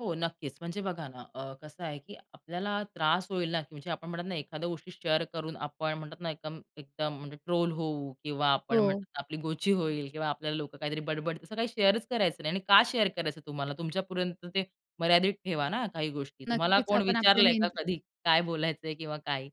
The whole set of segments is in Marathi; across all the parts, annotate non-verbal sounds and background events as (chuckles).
हो, नक्कीच. म्हणजे बघा ना, अ, कसं आहे की आपल्याला त्रास होईल ना, म्हणजे आपण म्हणतात ना, एखाद्या गोष्टी शेअर करून आपण म्हणतात ना एकदम एकदम म्हणजे ट्रोल होऊ किंवा आपण हो. म्हणतात आपली गोची होईल किंवा आपल्याला लोकं काहीतरी बड-बड, असं काही शेअरच करायचं नाही. आणि का शेअर करायचं तुम्हाला? तुमच्यापर्यंत ते मर्यादित ठेवा ना, काही गोष्टी. तुम्हाला नक्कीच. कोण आपण आपल्या विचारलंय का नियंत्र कधी? काय बोलायचंय किंवा काय?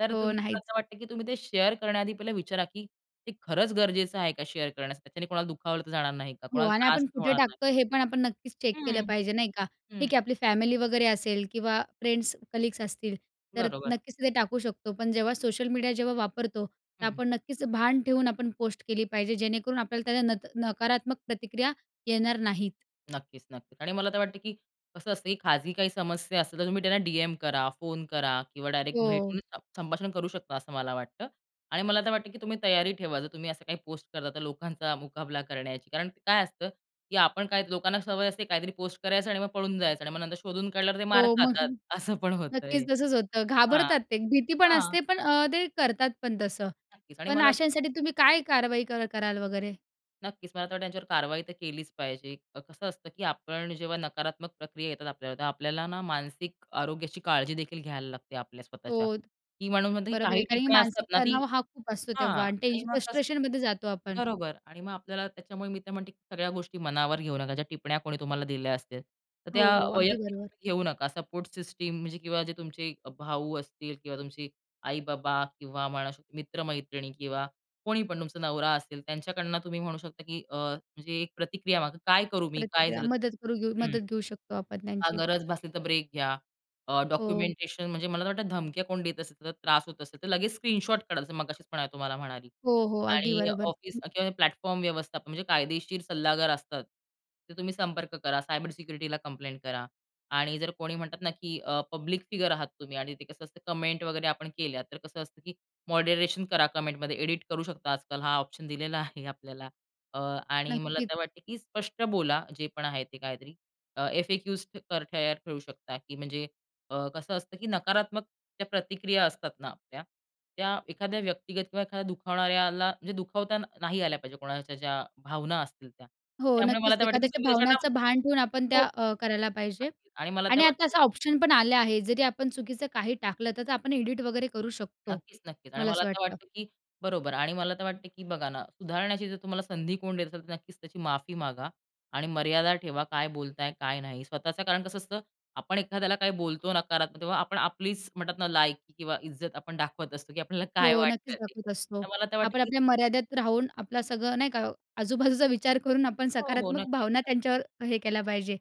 तर हो. तुम्ही मला नाहीच. असं वाटत की तुम्ही ते शेअर करण्याआधी पहिले विचारा, की ते खरंच गरजेचं आहे का शेअर करण्यासाठी? त्याच्याने कोणाला दुखावलं तर जाणार नाही का? हो. कोणाला आणि त्रास आपण कुठे होणार नाही. टाकतोय, हे पण आपण नक्कीच चेक केलं हं. पाहिजे. नाही का? हं. ठीक आहे आपली फॅमिली वगैरे असेल किंवा फ्रेंड्स, कलीग्स असतील. तर बरोबर. नक्कीच ते टाकू शकतो. पण जेव्हा सोशल मीडिया जेव्हा वापरतो, हं, तर हं. आपण नक्कीच भान ठेऊन आपण पोस्ट केली पाहिजे, जेणेकरून आपल्याला त्याला नत नकारात्मक प्रतिक्रिया येणार नाहीत. नक्कीच, नक्कीच. आणि मला तर वाटतं की कसं असतं, की खाजगी काही समस्या असतील तर तुम्ही त्यांना डीएम करा, फोन करा किंवा डायरेक्ट हो. भेटून संभाषण करू शकता असं मला वाटतं. आणि मला तर वाटतं की तुम्ही तयारी ठेवा. जर तुम्ही असं काही पोस्ट करता तर लोकांचा मुकाबला करण्याची. कारण काय असतं, की आपण काही लोकांना सवय असते काहीतरी पोस्ट करायचं आणि मग पळून जायचं आणि मग नंतर शोधून काढल्यावर ते मार हो. मग. खातात, (chuckles) असं पण होतंय. नक्कीच तसंच होतं. हां. घाबरतात ते, भीती पण हां. असते पण अ, ते करतात पण तसं. नक्कीच. आणि पण मला अशांसाठी तुम्ही काय कारवाई कर कराल वगैरे? नक्कीच, मला तर वाटतं त्यांच्यावर कारवाई तर केलीच पाहिजे. अ, कसं असतं की आपण जेव्हा नकारात्मक प्रक्रिया येतात आपल्यावर, तेव्हा आपल्याला ना, मानसिक आरोग्याची काळजी देखील घ्यायला लागते आपल्या स्वतःच्या. हो. की म्हणून म्हणते की बरोबर आहे. काही कारण की टिप्पणी असतात मानसिक ना, ती तणाव हा खूप असतो हां. तेव्हा आणि ते आणि मग कसं फ्रस्ट्रेशनमध्ये जातो आपण. बरोबर. आणि मग आपल्याला त्याच्यामुळे मी तर म्हणते की सगळ्या गोष्टी मनावर घेऊ नका. ज्या टिपण्या कोणी तुम्हाला दिल्या असतील. तर त्या हो. अगदी वैयक्तिक बरोबर. तुम्ही घेऊ नका. सपोर्ट सिस्टम म्हणजे किंवा जे तुमचे भाऊ असतील किंवा तुमचे आई-बाबा किंवा म्हणू शकतो मित्र-मैत्रिणी किंवा कोणी पण तुमचा नवरा असेल. त्यांच्याकडनं तुम्ही म्हणू शकता की अ, म्हणजे एक प्रतिक्रिया मागा, "काय करू मी? काय प्रतिक्रिया, झालं?" मदत करू घेऊ हं. मदत घेऊ शकतो आपण हां, त्यांची. गरज भासली तर ब्रेक घ्या. अ, हो. डॉक्युमेंटेशन, म्हणजे मला तर वाटतं धमक्या कोण देत असेल, तर त्रास होत असेल. तर लगेच स्क्रीनशॉट काढा, जस मगाशीच पण आहे तुम्हाला म्हणाली. हो, हो, अगदी आणि बरोबर. ऑफिस हं. किंवा प्लॅटफॉर्म व्यवस्थापन म्हणजे कायदेशीर सल्लागार असतात. तर तुम्ही संपर्क करा. सायबर सिक्युरिटीला कंप्लेंट करा. आणि जर कोणी म्हणतात ना की अ, पब्लिक फिगर आहात तुम्ही आणि ते कसं असतं कमेंट वगैरे आपण केल्या, तर कसं असतं, की मॉडरेशन करा कमेंटमध्ये. एडिट करू शकता आजकाल. हा ऑप्शन दिलेला आहे आपल्याला. अ, आणि मला नक्कीच. तर वाटते की स्पष्ट बोला, जे पण आहे ते काहीतरी. अ, एफ-ए-क्युज तर तयार ठेवू शकता की म्हणजे अ, कसं असतं की नकारात्मक प्रतिक्रिया असतात ना आपल्या, त्या एखाद्या व्यक्तिगत किंवा एखाद्या दुखावणाऱ्याला म्हणजे दुखावता नाही आल्या पाहिजे कोणाच्या ज्या भावना असतील त्या. हो, त्यामुळे मला नक्कीच. तर वाटतं की एखाद्याच्या तुम्ही त्याच्याला भावण्याचं भान ठेऊन आपण हो. त्या अ, करायला पाहिजे. अगदी. आणि मला ते आणि आता वाटतं असं ऑप्शन पण आले आहे. जरी आपण चुकीचं काही टाकलं, तर आपण एडिट वगैरे करू शकतो, नक्कीच, नक्कीच. आणि मला मला असं तर वाटतं. वाटतं की बरोबर. आणि मला तर वाटतं की बघा ना, सुधारण्याची जर तुम्हाला संधी कोण देत असेल, तर नक्कीच त्याची माफी मागा. आणि मर्यादा ठेवा. काय बोलताय? काय नाही? स्वतःच कारण कसं असतं? आपण एखाद्याला काही बोलतो नकारात्मक तेव्हा आपण आपलीच म्हणतात ना, लायकी किंवा इज्जत आपण दाखवत असतो, की आपल्याला हो, काय नक्कीच वाटतं ते. दाखवत असतो. तर मला तर वाटतं आपण की आपल्या मर्यादेत राहून, आपलं सगळं नाही का? आजूबाजूचा विचार करून आपण हो, हो, सकारात्मक भावना नक्कीच. त्यांच्यावर हे केल्या पाहिजे.